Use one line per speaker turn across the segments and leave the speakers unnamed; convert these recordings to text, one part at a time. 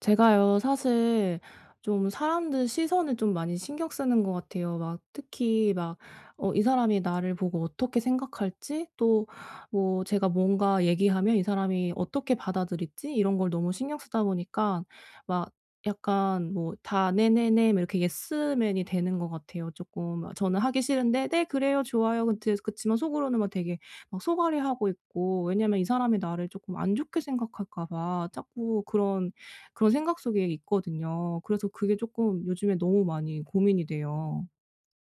제가요. 사실 좀 사람들 시선을 좀 많이 신경 쓰는 것 같아요. 막 특히 막 어 이 사람이 나를 보고 어떻게 생각할지, 또 뭐 제가 뭔가 얘기하면 이 사람이 어떻게 받아들일지 이런 걸 너무 신경 쓰다 보니까 막 약간 뭐 다 "네네네." 막 이렇게 예스맨이 되는 것 같아요, 조금. 저는 하기 싫은데 "네. 그래요. 좋아요." 그티에서 그치만 속으로는 막 되게 막 속앓이하고 있고. 왜냐하면 이 사람이 나를 쪼끔 안 좋게 생각할까 봐 자꾸 그런 그런 생각 속에 있거든요. 그래서 그게 조금 요즘에 너무 많이 고민이 돼요.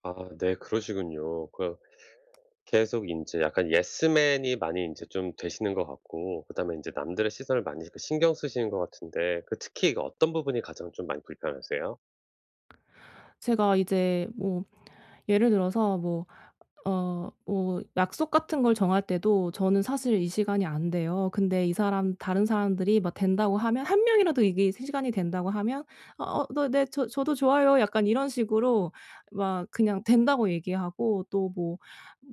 아 네. 그러시군요. 그 계속 인제 약간 예스맨이 많이 인제 좀 되시는 것 같고 그다음에 인제 남들의 시선을 많이 이렇게 신경 쓰시는 것 같은데 그 특히 그 어떤 부분이 가장 좀 많이 불편하세요?
제가 이제 뭐 예를 들어서 뭐 어 뭐 약속 같은 걸 정할 때도 저는 사실 이 시간이 안 돼요. 근데 이 사람, 다른 사람들이 막 된다고 하면 1 명이라도 이게 세 시간이 된다고 하면 "어 너 네. 저 저도 좋아요." 약간 이런 식으로 막 그냥 된다고 얘기하고 또 뭐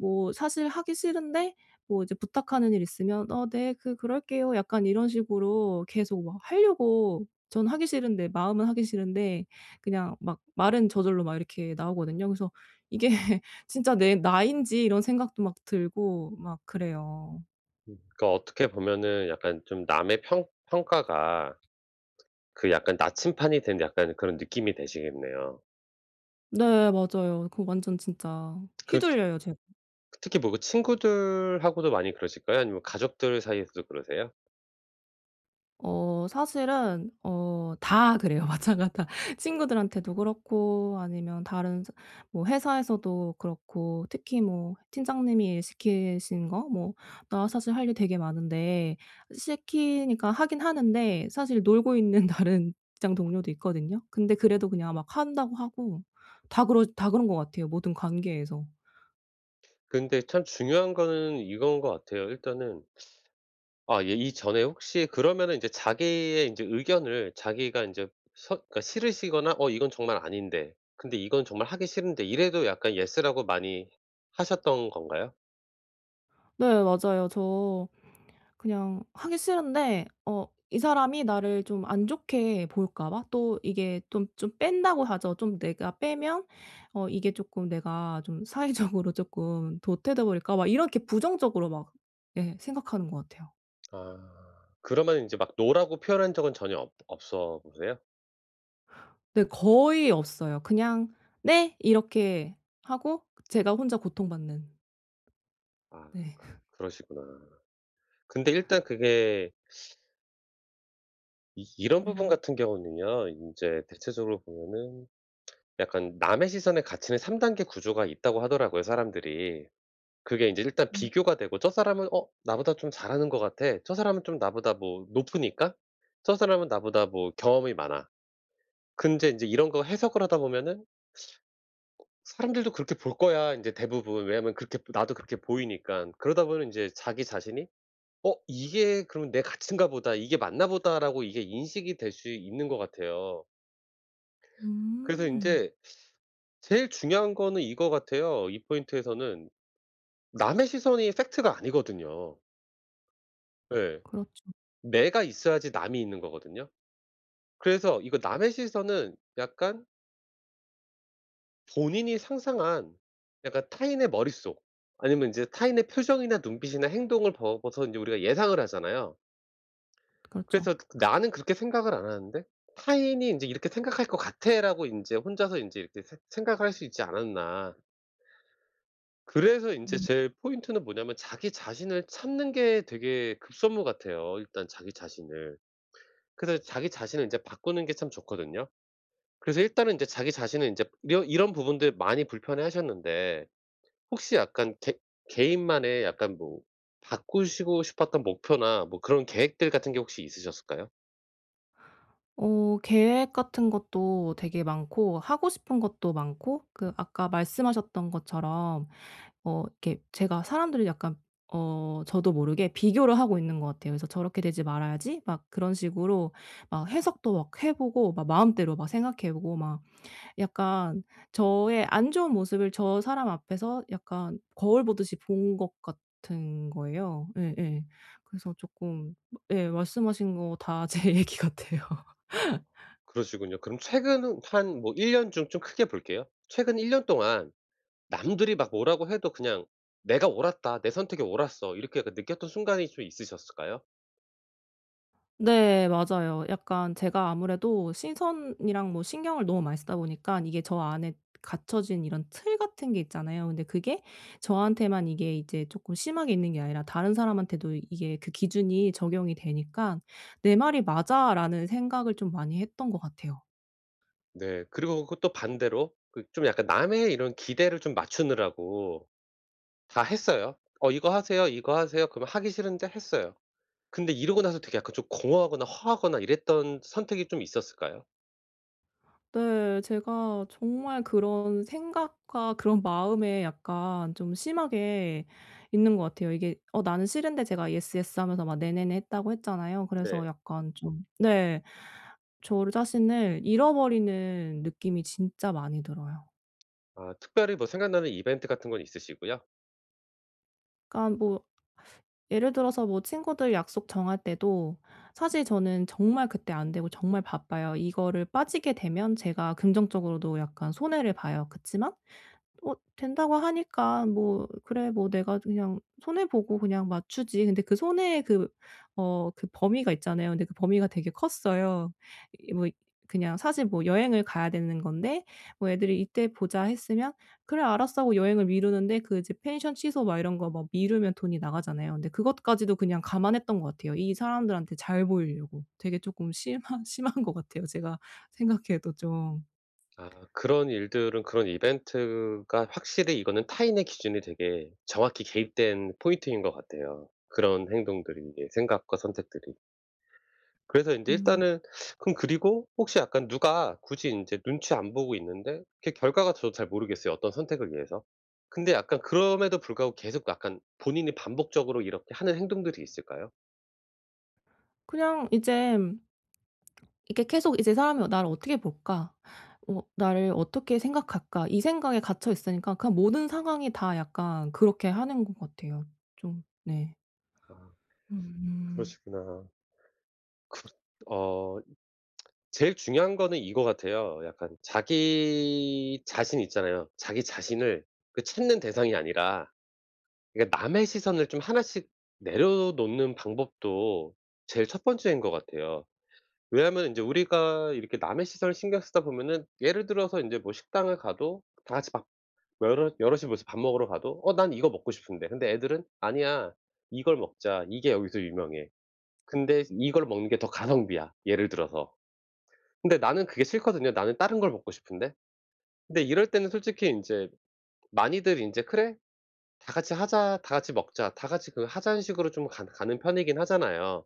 뭐 사실 하기 싫은데 뭐 이제 부탁하는 일이 있으면 "어 네. 그 그럴게요." 약간 이런 식으로 계속 뭐 하려고 전 하기 싫은데, 마음은 하기 싫은데 그냥 막 말은 저절로 막 이렇게 나오거든요. 그래서' 이게 진짜 내 나인지?' 이런 생각도 막 들고 막 그래요.
그러니까 어떻게 보면은 약간 좀 남의 평 평가가 그 약간 나침반이 된 약간 그런 느낌이 되시겠네요.
네. 맞아요. 그거 완전 진짜
그 트
휘둘려요 제가.
그 특히 뭐 그 친구들하고도 많이 그러실까요? 아니면 가족들 사이에서도 그러세요?
어 사실은 어 다 그래요. 마찬가지 다. 친구들한테도 그렇고 아니면 다른 서 뭐 회사에서도 그렇고 특히 뭐 팀장님이 일 시키신 거 뭐 나 사실 할 일 되게 많은데 시키니까 하긴 하는데 사실 놀고 있는 다른 직장 동료도 있거든요. 근데 그래도 그냥 막 한다고 하고 다 그러 다 그런 것 같아요, 모든 관계에서.
근데 참 중요한 거는 이거인 것 같아요. 일단은 아 예. 이 전에 혹시 그러면은 인제 자기의 인제 의견을 자기가 인제 서 그러니까 싫으시거나 '어 이건 정말 아닌데. 근데 이건 정말 하기 싫은데.' 이래도 약간 "Yes." 라고 많이 하셨던 건가요?
네. 맞아요. 저 그냥 하기 싫은데 어 이 사람이 나를 좀 안 좋게 볼까 봐? 또 이게 또 좀 뺀다고 하죠. 좀 내가 빼면 어 이게 조금 '내가 좀 사회적으로 조금 도태돼 버릴까?' 막 이렇게 부정적으로 막 예 생각하는 것 같아요.
아. 그러면 인제 막 "No. "라고 표현한 적은 전혀 없 없어 보세요?
네. 거의 없어요. 그냥 "네." 이렇게 하고 제가 혼자 고통 받는.
아.
네.
그 그러시구나. 근데 일단 그게 이 이런 부분
음.
같은 경우는요. 인제 대체적으로 보면은 약간 남의 시선에 갇히는 3 단계 구조가 있다고 하더라고요, 사람들이. 그게 인제 일단
음.
비교가 되고 '저 사람은 어 나보다 좀 잘하는 것 같아. 저 사람은 좀 나보다 뭐 높으니까. 저 사람은 나보다 뭐 경험이 많아.' 근데 인제 이런 거 해석을 하다 보면은 어 '사람들도 그렇게 볼 거야.' 인제 대부분. 왜냐하면 그렇게 나도 그렇게 보이니깐. 그러다 보면 인제 자기 자신이 '어 이게 그럼 내 가치인가 보다. 이게 맞나 보다.'라고 이게 인식이 될 수 있는 것 같아요. 그래서
음.
인제 제일 중요한 거는 이거 같아요, 이 포인트에서는. 남의 시선이 fact가 아니거든요. 예.
그렇죠.
내가 있어야지 남이 있는 거거든요. 그래서 이거 남의 시선은 약간 본인이 상상한 약간 타인의 머릿속 아니면 인제 타인의 표정이나 눈빛이나 행동을 보고서 인제 우리가 예상을 하잖아요.
그렇죠.
그래서 나는 그렇게 생각을 안 하는데 타인이 인제 '이렇게 생각할 거 같아.'라고 인제 혼자서 인제 이렇게 새 생각할 수 있지 않았나. 그래서 인제
음.
제 포인트는 뭐냐면 자기 자신을 찾는 게 되게 급선무 같아요 일단 자기 자신을. 그래서 자기 자신을 인제 바꾸는 게 참 좋거든요. 그래서 일단은 인제 자기 자신을 인제 이러 이런 부분들 많이 불편해하셨는데 혹시 약간 개 개인만의 약간 뭐 바꾸시고 싶었던 목표나 뭐 그런 계획들 같은 게 혹시 있으셨을까요?
어. 계획 같은 것도 되게 많고 하고 싶은 것도 많고 그 아까 말씀하셨던 것처럼 어 이렇게 제가 사람들을 약간 어 저도 모르게 비교를 하고 있는 것 같아요. 그래서 '저렇게 되지 말아야지.' 막 그런 식으로 아 해석도 막 해 보고 막 마음대로 막 생각해 보고 막 약간 저의 안 좋은 모습을 저 사람 앞에서 약간 거울 보듯이 본 것 같은 거예요. 예예. 그래서 쪼끔 예. 말씀하신 거 다 제 얘기 같아요.
어, 그러시군요. 그럼 최근 한 뭐 1 년 중 좀 크게 볼게요. 최근 1 년 동안 '남들이 막 뭐라고 해도 그냥 내가 옳았다. 내 선택이 옳았어.' 이렇게 약간 느꼈던 순간이 좀 있으셨을까요?
네. 맞아요. 약간 제가 아무래도 시선이랑 뭐 신경을 너무 많이 쓰다 보니까 이게 저 안에 갖춰진 이런 틀 같은 게 있잖아요. 근데 그게 저한테만 이게 이제 조금 심하게 있는 게 아니라 다른 사람한테도 이게 그 기준이 적용이 되니까 '내 말이 맞아.'라는 생각을 좀 많이 했던 것 같아요.
네. 그리고 그 또 반대로 그 좀 약간 남의 이런 기대를 좀 맞추느라고 다 했어요. "어 이거 하세요, 이거 하세요." 그러면 하기 싫은데 했어요. 근데 이러고 나서 되게 약간 좀 공허하거나 허하거나 이랬던 선택이 좀 있었을까요?
네. 제가 정말 그런 생각과 그런 마음에 약간 좀 심하게 있는 것 같아요. 이게 어 나는 싫은데 제가 "Yes, yes." 하면서 막 "네네네." 했다고 했잖아요. 그래서
네.
약간 좀 네. 저를 자신을 잃어버리는 느낌이 진짜 많이 들어요.
아. 특별히 뭐 생각나는 이벤트 같은 건 있으시고요?
그러니까 뭐 예를 들어서 뭐 친구들 약속 정할 때도 사실 저는 정말 그때 안 되고 정말 바빠요. 이거를 빠지게 되면 제가 금전적으로도 약간 손해를 봐요. 그치만 어 된다고 하니까 '뭐 그래. 뭐 내가 그냥 손해 보고 그냥 맞추지.' 근데 그 손해의 그 어 그 범위가 있잖아요. 근데 그 범위가 되게 컸어요. 이 뭐 이 그냥 사실 뭐 여행을 가야 되는 건데 뭐 애들이 "이때 보자." 했으면 "그래 알았어." 하고 여행을 미루는데 그 이제 펜션 취소 막 이런거 막 미루면 돈이 나가잖아요. 근데 그것까지도 그냥 감안했던 것 같아요. 이 사람들한테 잘 보이려고. 되게 조금 심한 심한 것 같아요, 제가 생각해도 좀.
아. 그런 일들은 그런 이벤트가 확실히 이거는 타인의 기준이 되게 정확히 개입된 포인트인 것 같아요. 그런 행동들이 이게 생각과 선택들이. 그래서 인제
음.
일단은 그럼 그리고 혹시 약간 누가 굳이 인제 눈치 안 보고 있는데 그게 결과가 저도 잘 모르겠어요, 어떤 선택을 위해서. 근데 약간 그럼에도 불구하고 계속 약간 본인이 반복적으로 이렇게 하는 행동들이 있을까요?
그냥 이젠 이렇게 계속 이제 이 사람이 '어 나를 어떻게 볼까? 어 나를 어떻게 생각할까?' 이 생각에 갇혀 있으니까 그냥 모든 상황이 다 약간 그렇게 하는 것 같아요. 좀 네.
아.
음.
그러시구나. 그렇 어 제일 중요한 거는 이거 같아요. 약간 자기 자신 있잖아요. 자기 자신을 그 찾는 대상이 아니라 그니까 남의 시선을 좀 하나씩 내려놓는 방법도 제일 첫 번째인 거 같아요. 왜냐면 인제 우리가 이렇게 남의 시선을 신경 쓰다 보면은 예를 들어서 인제 뭐 식당을 가도 다 같이 밥 뭐 여럿 여럿이 모여서 밥 먹으러 가도 '어 난 이거 먹고 싶은데.' 근데 애들은 '아니야 이걸 먹자. 이게 여기서 유명해. 근데 이걸 먹는 게 더 가성비야.' 예를 들어서. 근데 나는 그게 싫거든요. '나는 다른 걸 먹고 싶은데.' 근데 이럴 때는 솔직히 인제 많이들 인제 '그래. 다 같이 하자. 다 같이 먹자. 다 같이 그 하자.'는 식으로 좀 간 가는 편이긴 하잖아요.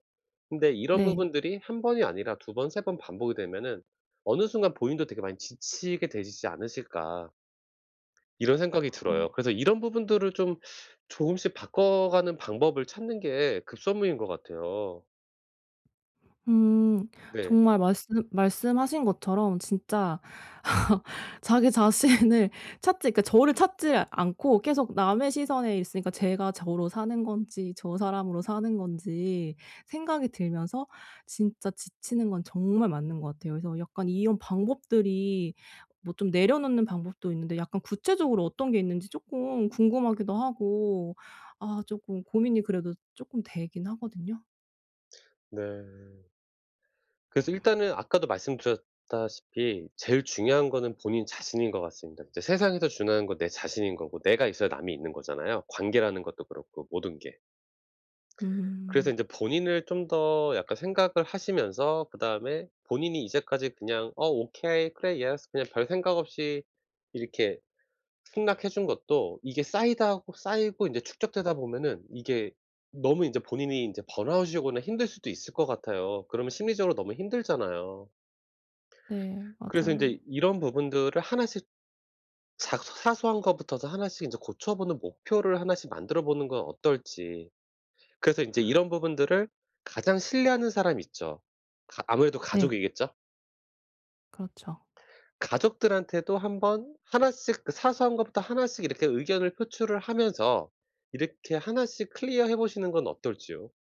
근데 이런
네.
부분들이 1 번이 아니라 2 번 3 번 반복이 되면은 어느 순간 본인도 되게 많이 지치게 되시지 않으실까 이런 생각이 들어요. 그래서 이런 부분들을 좀 조금씩 바꿔가는 방법을 찾는 게 급선무인 것 같아요.
음.
네.
정말 말씀 말씀하신 것처럼 진짜 자기 자신을 찾지 그러니까 저를 찾지를 않고 계속 남의 시선에 있으니까 제가 저로 사는 건지 저 사람으로 사는 건지 생각이 들면서 진짜 지치는 건 정말 맞는 것 같아요. 그래서 약간 이런 방법들이 뭐 좀 내려놓는 방법도 있는데 약간 구체적으로 어떤 게 있는지 쪼끔 궁금하기도 하고 아 쪼끔 고민이 그래도 쪼끔 되긴 하거든요.
네. 그래서 일단은 아까도 말씀드렸다시피 제일 중요한 거는 본인 자신인 것 같습니다. 진짜 세상에서 중요한 건 내 자신인 거고 내가 있어야 남이 있는 거잖아요 관계라는 것도 그렇고 모든 게. 그래서
음.
인제 본인을 좀 더 약간 생각을 하시면서 그다음에 본인이 이제까지 그냥 '어 오케이. 그래 yes.' 그냥 별 생각 없이 이렇게 승낙해 준 것도 이게 쌓이다하고 쌓이고 이제 축적되다 보면은 이게 너무 인제 본인이 이제 번아웃이 오거나 힘들 수도 있을 것 같아요. 그러면 심리적으로 너무 힘들잖아요.
네.
그래서
맞아요.
인제 이런 부분들을 하나씩 작서 사소한 거부터도 이제 하나씩 이제 고쳐보는 목표를 하나씩 만들어 보는 건 어떨지. 그래서 인제 이런 부분들을 가장 신뢰하는 사람 있죠? 가 아무래도
네.
가족이겠죠.
그렇죠.
가족들한테도 한번 1 씩 그 사소한 것부터 1 씩 이렇게 의견을 표출을 하면서 이렇게 1 씩 클리어해 보시는 건 어떨지요?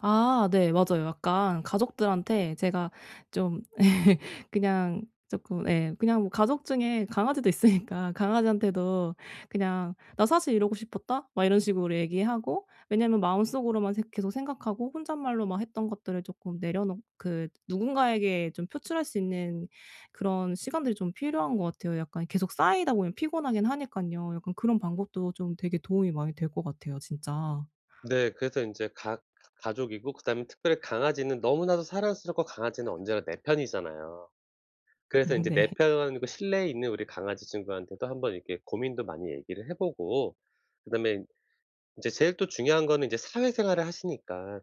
아 네 맞아요. 약간 가족들한테 제가 좀 그냥 쪼끔 예 그냥 뭐 가족 중에 강아지도 있으니까 강아지한테도 그냥 '나 사실 이러고 싶었다.' 막 이런 식으로 얘기하고 왜냐하면 마음속으로만 생 계속 생각하고 혼잣말로 막 했던 것들을 쪼끔 내려놓 그 누군가에게 좀 표출할 수 있는 그런 시간들이 좀 필요한 것 같아요. 약간 계속 쌓이다 보면 피곤하기는 하니깐요. 약간 그런 방법도 좀 되게 도움이 많이 될 것 같아요 진짜.
네. 그래서 인제 가 가 가족이고 그다음에 특별히 강아지는 너무나도 사랑스럽고 강아지는 언제나 내 편이잖아요. 그래서 인제 내
네.
편 그 실내에 있는 우리 강아지 친구한테도 한번 이렇게 고민도 많이 얘기를 해보고 그다음에 이제 제일 또 중요한 거는 이제 사회생활을 하시니까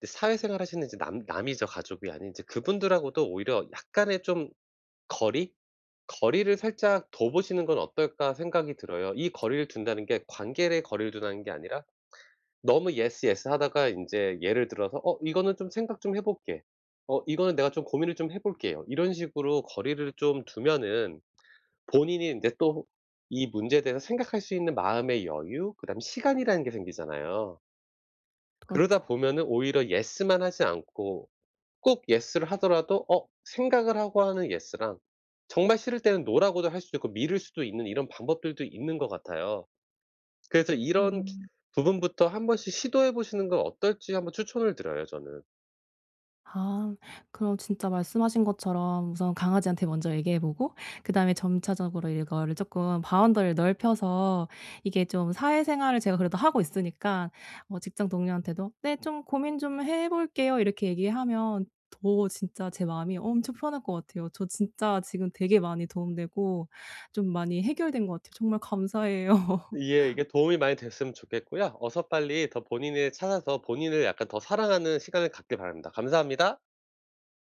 근데 사회생활 하시는 이제 남 남이죠 가족이 아닌. 이제 그분들하고도 오히려 약간의 좀 거리? '거리를 살짝 둬 보시는 건 어떨까.' 생각이 들어요. 이 거리를 둔다는 게 관계를 거리를 둔다는 게 아니라 너무 '예스 예스.' 하다가 인제 예를 들어서 '어 이거는 좀 생각 좀 해볼게. 어 이거는 내가 좀 고민을 좀 해볼게요.' 이런 식으로 거리를 좀 두면은 본인이 인제 또 이 문제에 대해서 생각할 수 있는 마음의 여유 그다음에 시간이라는 게 생기잖아요. 그러다
그렇죠.
보면은 오히려 예스만 하지 않고 꼭 예스를 하더라도 어 생각을 하고 하는 예스랑 정말 싫을 때는 노라고도 할 수 있고 미룰 수도 있는 이런 방법들도 있는 것 같아요. 그래서 이런
음.
부분부터 1 번씩 시도해 보시는 건 어떨지 한번 추천을 드려요 저는.
아 그럼 진짜 말씀하신 것처럼 우선 강아지한테 먼저 얘기해 보고 그다음에 점차적으로 이거를 쪼끔 바운더리를 넓혀서 이게 좀 사회생활을 제가 그래도 하고 있으니까 뭐 직장 동료한테도 '네 좀 고민 좀 해볼게요.' 이렇게 얘기하면 더 진짜 제 마음이 엄청 편할 것 같아요. 저 진짜 지금 되게 많이 도움 되고 좀 많이 해결된 것 같아요. 정말 감사해요.
예 이게 도움이 많이 됐으면 좋겠고요 어서 빨리 더 본인을 찾아서 본인을 약간 더 사랑하는 시간을 갖기를 바랍니다. 감사합니다.